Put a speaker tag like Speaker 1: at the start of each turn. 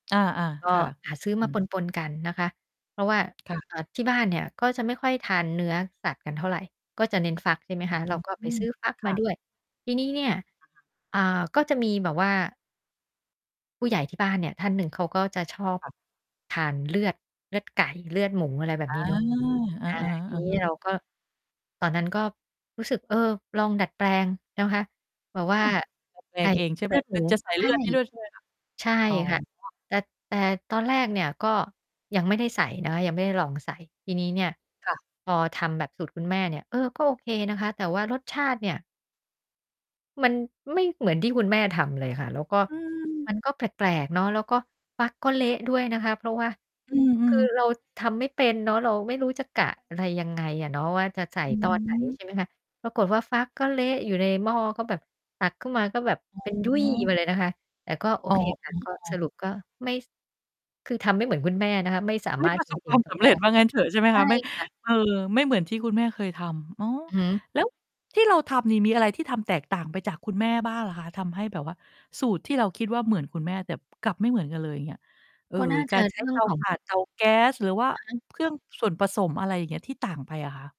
Speaker 1: อ่า
Speaker 2: ก
Speaker 1: ๆ ค
Speaker 2: ็
Speaker 1: ่ะ
Speaker 2: หาซื้อ
Speaker 1: อื
Speaker 2: มา
Speaker 1: อ
Speaker 2: ปน ๆ กันนะคะ เพราะว่า
Speaker 1: ค่ะ
Speaker 2: เอ่อ ที่บ้านเนี่ย ก็จะไม่ค่อยทานเนื้อสัตว์กันเท่าไร ก็จะเน้นฟัก ใช่ไหมคะ เราก็
Speaker 1: อ
Speaker 2: ไป
Speaker 1: ือ
Speaker 2: ซื้อฟัก
Speaker 1: ค
Speaker 2: ม
Speaker 1: ่
Speaker 2: า
Speaker 1: ะ
Speaker 2: ด้วย ทีนี้เนี่ย
Speaker 1: อะฮะ
Speaker 2: อ่า ก็จะมีแบบว่า ผู้ใหญ่ที่บ้านเนี่ยท่านหนึ่ง เขาก็จะชอบ
Speaker 1: ค่ะ
Speaker 2: ทานเลือด เลือดไก่ เลือดหมู อะไรแบ
Speaker 1: อ
Speaker 2: บ
Speaker 1: า
Speaker 2: น
Speaker 1: ๆ
Speaker 2: ี้เนาะ
Speaker 1: ๆ
Speaker 2: อ่า ที
Speaker 1: อะ
Speaker 2: นี
Speaker 1: ฮ
Speaker 2: ้ เรา
Speaker 1: ะ
Speaker 2: ก็ ตอนนั้น ก็รู้สึก เออ ลองดัดแปลงนะคะ แบ
Speaker 1: อื
Speaker 2: บว่า
Speaker 1: ม ดัด แปล
Speaker 2: ใส่
Speaker 1: งเอง ใช่
Speaker 2: เล
Speaker 1: แ
Speaker 2: ื
Speaker 1: บ
Speaker 2: อ
Speaker 1: บ
Speaker 2: ดหม
Speaker 1: ม
Speaker 2: ู
Speaker 1: ันจะใส่
Speaker 2: ใช
Speaker 1: เลื
Speaker 2: ่
Speaker 1: อดให้ด้วยใช่ไหมคะ?
Speaker 2: ใช่
Speaker 1: อ๋อ
Speaker 2: ค่ะ แต่ แต่ตอนแรกเนี่ย ก็ยังไม่ได้ใส่นะคะ ยังไม่ได้ลองใส่ ทีนี้เนี่ย
Speaker 1: ค่ะ
Speaker 2: พอทำแบบสูตรคุณแม่เนี่ย เออ ก็โอเคนะคะ แต่ว่ารสชาติเนี่ย มันไม่เหมือนที่คุณแม่ทำเลยค่ะ แล้วก็
Speaker 1: อืม
Speaker 2: มันก็แปลก ๆ เนาะ แล้วก็ฟักก็เละด้วยนะคะเพราะว่า
Speaker 1: อื
Speaker 2: คือ
Speaker 1: อ ๆ
Speaker 2: เรา ทำไม่เป็นเนาะ เราไม่รู้จะกะอะไรยังไงอะเนาะว่า จะใส่
Speaker 1: อื
Speaker 2: ตอน ไหน
Speaker 1: อ
Speaker 2: ใช่ไหมคะ ปรากฏว่า ฟักก็เละอยู่ในหม้อ ก็แบบตักขึ้นมา ก็แบบ
Speaker 1: อ
Speaker 2: เป็นยุ่
Speaker 1: ๋
Speaker 2: ย
Speaker 1: อ
Speaker 2: ไปเลยนะคะ แต่ก็ โอ
Speaker 1: อ้อ
Speaker 2: เคค่
Speaker 1: อื
Speaker 2: ะ
Speaker 1: ม
Speaker 2: ก็
Speaker 1: อ๋
Speaker 2: ส
Speaker 1: อ
Speaker 2: รุปก็ไม่ คือทำไม่เหมือนคุณแม่นะคะ ไม่สา
Speaker 1: ไม
Speaker 2: ม
Speaker 1: ่
Speaker 2: าร
Speaker 1: ป
Speaker 2: ถ
Speaker 1: ระ
Speaker 2: จ
Speaker 1: สบค
Speaker 2: ริ
Speaker 1: ว
Speaker 2: ง
Speaker 1: าม
Speaker 2: ๆ ต
Speaker 1: ส
Speaker 2: อน
Speaker 1: ำ
Speaker 2: แ
Speaker 1: เ
Speaker 2: ร
Speaker 1: ร็จ
Speaker 2: ก
Speaker 1: ว่างั้นเถอะใช่ไหม
Speaker 2: ใช
Speaker 1: ค
Speaker 2: ่
Speaker 1: ะ? ไม่
Speaker 2: ค่ะ
Speaker 1: เออ ไม่เหมือนที่คุณแม่เคยทำ อ๋อ
Speaker 2: อือฮึ
Speaker 1: แล้วที่เราทำนี่มีอะไรที่ทำแตกต่างไปจากคุณแม่บ้างเหรอคะ? ทำให้แบบว่าสูตรที่เราคิดว่า เหมือนคุณแม่ แต่กลับไม่เหมือนกันเลย อย่างเงี้ย เอ่อ
Speaker 2: ก็ น่า
Speaker 1: ก
Speaker 2: จ
Speaker 1: า
Speaker 2: ะ
Speaker 1: รใช
Speaker 2: เ
Speaker 1: ้
Speaker 2: รื่
Speaker 1: เ
Speaker 2: อ
Speaker 1: ต
Speaker 2: ง
Speaker 1: า
Speaker 2: ขอ
Speaker 1: ถ
Speaker 2: ง
Speaker 1: ่าน เตา แก๊ส หรือว่า
Speaker 2: อะฮะ
Speaker 1: เครื่องส่วนผสม อะไรอย่างเงี้ย ที่ต่างไปอะคะ?